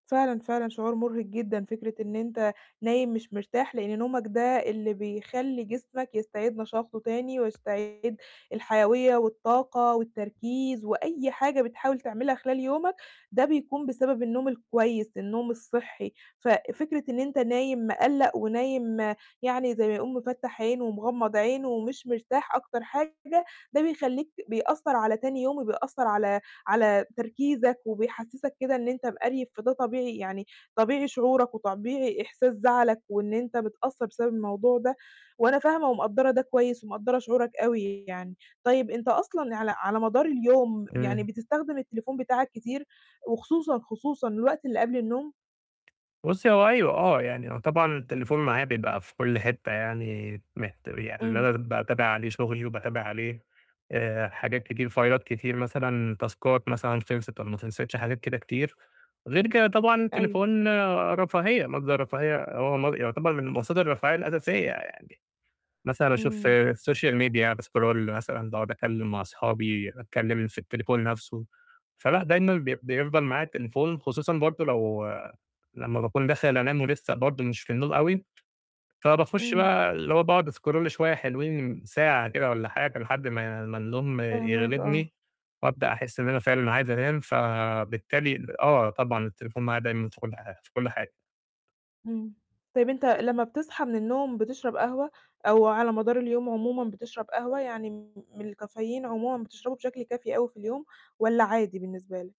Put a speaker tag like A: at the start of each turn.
A: فعلًا، فعلًا شعور مُرهِق جدًا فكرة إن أنت نايم مش مرتاح، لإن نومك ده اللي بيخلّي جسمك يستعيد نشاطه تاني ويستعيد الحيويّة والطاقة والتركيز وأي حاجة بتحاول تعملها خلال يومك، ده بيكون بسبب النوم الكويس، النوم الصحّي، ففكرة إن أنت نايم مِقلَّق ونايم يعني زي ما يقولوا مفَتّح عين ومغمض عين ومش مرتاح أكتر حاجة ده بيخلّيك ت بيأثّر على تاني يوم وبيأثّر على على تركيزك وبيحسّسك كده إن أنت مقريف، فده طبيعي يعني طبيعي شعورك وطبيعي إحساس زعلك وإن أنت متأثّر بسبب الموضوع ده، وأنا فاهمة ومقدّرة ده كويس ومقدّرة شعورك أوي يعني. طيب أنت أصلًا على على مدار اليوم يعني
B: إمم.
A: بتستخدم التليفون بتاعك كتير وخصوصًا، خصوصًا الوقت اللي قبل النوم؟
B: بُصّي هو أيوه، آه، يعني هو طبعًا التليفون معايا بيبقى في كلّ حتّة يعني مِهت يعني إن
A: إمم.
B: أنا باتابع عليه شُغلي وباتابع عليه آآ حاجات كتير فايلات كتير مثلًا، تاسكات مثلًا خِلصِت والّا ما خِلصِتش حاجات كده كتير، غير كده طبعًا
A: أيوه.
B: التليفون رفاهية مَصدَر رفاهية، هو مص يُعتبر من مصادر الرفاهية الأساسية يعني، مثلًا أشوف
A: إمم.
B: الsocial media باسكرول مثلًا باقعُد أتكلّم مع أصحابي، أتكلّم في التليفون نَفْسه، فلأ دايمًا بي بيفضل معايا التليفون خصوصًا برضه لو لمّا باكون داخل أنام ولسّه برضه مش في النوم أوي فباخُش
A: إمم.
B: بقى اللي هو باقعُد أسكرول شوية حلوين ساعة كده والّا حاجة لحد ما ما النوم
A: فاهماك، آه.
B: يغلبني، وأبدأ أحس إن أنا فعلًا عايز أنام فبالتالي ال آه، طبعًا التليفون معايا دايمًا في كلّ حا في كلّ حاجة.
A: إمم. طيب أنت لمّا بتصحى من النوم بتشرب قهوة أو على مدار اليوم عمومًا بتشرب قهوة يعني م من الcaffeine عمومًا بتشربه بشكل كافي أوي في اليوم، والّا عادي بالنسبة لك؟